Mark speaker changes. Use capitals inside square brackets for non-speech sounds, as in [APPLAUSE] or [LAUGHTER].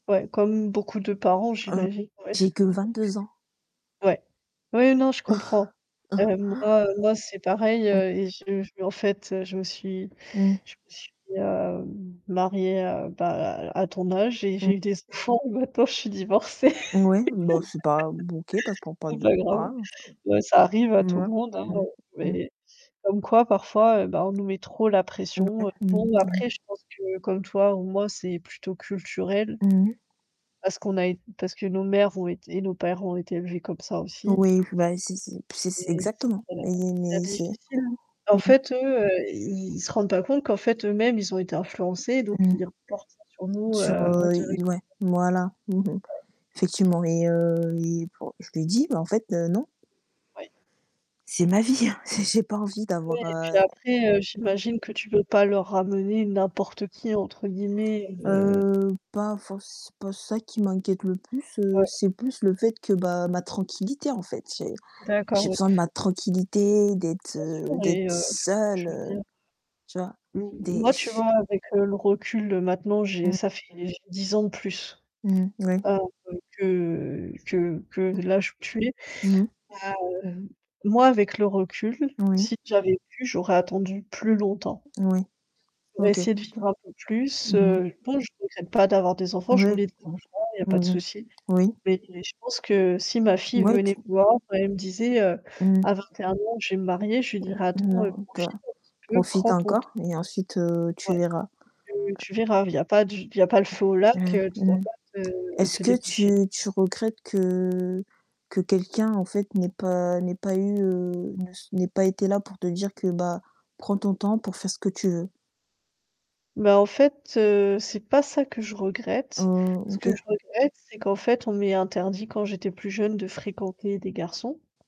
Speaker 1: Ouais, comme beaucoup de parents,
Speaker 2: Heu,
Speaker 1: j'imagine, ouais.
Speaker 2: j'ai que
Speaker 1: [CHUCKLES]
Speaker 2: 22 ans.
Speaker 1: Ouais. Ouais, non, je comprends.
Speaker 2: [CHUCKLES]
Speaker 1: Heu, moi moi c'est pareil,
Speaker 2: Mmh.
Speaker 1: heu, et je je me en fait, heu, je me suis
Speaker 2: Mmh.
Speaker 1: je me suis, heu, m mariée, heu, bah, à à ton âge et
Speaker 2: Mmh.
Speaker 1: j'ai eu des enfants maintenant je suis divorcée.
Speaker 2: N ouais, bah c'est pas b OK pas c
Speaker 1: [LAUGHS]
Speaker 2: pas
Speaker 1: C'est
Speaker 2: de
Speaker 1: pas grave.
Speaker 2: pas grave.
Speaker 1: Ouais, ça arrive à tout le
Speaker 2: Mouais,
Speaker 1: monde hein, heu,
Speaker 2: mmh. Mmh.
Speaker 1: mais comme quoi parfois, heu, bah on nous met trop la
Speaker 2: N
Speaker 1: pression.
Speaker 2: ouais,
Speaker 1: Heu,
Speaker 2: mmh
Speaker 1: bon
Speaker 2: mh,
Speaker 1: après
Speaker 2: mmh.
Speaker 1: je pense que comme toi ou moi, c'est plutôt culturel.
Speaker 2: Mmh.
Speaker 1: Parce qu'on a eu parce que nos mères ont été et nos pères ont été élevés comme ça aussi
Speaker 2: Oui, bah c'est c'est p c'est c
Speaker 1: et s
Speaker 2: exactement.
Speaker 1: voilà,
Speaker 2: Et
Speaker 1: c'est
Speaker 2: mais c'est Mmh.
Speaker 1: difficile, hein. En fait eux, heu, ils ils se rendent pas compte qu'en fait eux-mêmes ils ont été influencés donc
Speaker 2: Mmh.
Speaker 1: ils reportent ça sur nous heu,
Speaker 2: Sur, heu, il
Speaker 1: indirectement.
Speaker 2: ouais, voilà. Mmh mh.
Speaker 1: Ouais.
Speaker 2: Effectivement et heu, et bah je lui ai dit: «Bah en fait, heu, non».
Speaker 1: Ouais.
Speaker 2: C'est ma vie, hein, j'ai j'ai pas envie
Speaker 1: Ouais
Speaker 2: d'avoir,
Speaker 1: et puis
Speaker 2: heu
Speaker 1: après, heu, j'imagine que tu peux pas leur ramener «n'importe qui» entre guillemets, heu
Speaker 2: Heu, pas forc c'est pas ça qui m'inquiète le plus, heu,
Speaker 1: Ouais.
Speaker 2: c'est plus le fait que bah, ma tranquillité, en fait. J'ai
Speaker 1: D'accord,
Speaker 2: j'ai
Speaker 1: ouais.
Speaker 2: besoin de ma tranquillité, d'être
Speaker 1: Bien sûr
Speaker 2: heu, d'être
Speaker 1: et heu, j
Speaker 2: seule,
Speaker 1: je veux
Speaker 2: heu,
Speaker 1: dire
Speaker 2: tu vois?
Speaker 1: M
Speaker 2: Des
Speaker 1: moi, tu
Speaker 2: ch
Speaker 1: vois, avec, heu, le recul, heu, maintenant j'ai
Speaker 2: Mmh.
Speaker 1: ça fait j'ai 10 ans de plus,
Speaker 2: Mmh. Ouais.
Speaker 1: heu, que que que
Speaker 2: Mmh.
Speaker 1: l'âge où tu es,
Speaker 2: Mmh mh.
Speaker 1: hem, moi, avec le recul,
Speaker 2: Oui.
Speaker 1: si j'avais pu, j'aurais attendu plus longtemps.
Speaker 2: Oui,
Speaker 1: Pour
Speaker 2: OK.
Speaker 1: essayer de vivre un peu plus.
Speaker 2: Mmh mh.
Speaker 1: Heu, bon, je regrette pas d'avoir des enfants, je
Speaker 2: Ouais.
Speaker 1: voulais des enfants, il y a pas de
Speaker 2: Mmh mh.
Speaker 1: souci.
Speaker 2: Oui.
Speaker 1: Mais je pense que si ma fille
Speaker 2: Mouais, tu
Speaker 1: venait me voir, et elle me disait, heu,
Speaker 2: Mmh.
Speaker 1: à 21 ans, je vais me marier, je lui dirais: «Attends heu,
Speaker 2: Non, tu as
Speaker 1: profite un petit peu,
Speaker 2: profite
Speaker 1: prends ton t»
Speaker 2: encore et ensuite heu,
Speaker 1: Ouais.
Speaker 2: tu verras.
Speaker 1: Tu tu verras, il y a pas du il y a pas le feu au lac,
Speaker 2: Mmh,
Speaker 1: heu, tu
Speaker 2: mmh.
Speaker 1: dois pas te
Speaker 2: Est-ce
Speaker 1: te
Speaker 2: que
Speaker 1: dépêcher.
Speaker 2: tu tu regrettes que que quelqu'un en fait, n'ait pas n'ait pas eu, heu, ne s n'ait pas été là pour te dire que, bah: «Prends ton temps pour faire ce que tu veux»?
Speaker 1: Bah en fait, heu, c'est pas ça que je
Speaker 2: Heu,
Speaker 1: regrette. Ce que je
Speaker 2: OK.
Speaker 1: regrette, c'est qu'en fait, on m'ait interdit quand j'étais plus jeune de fréquenter des garçons.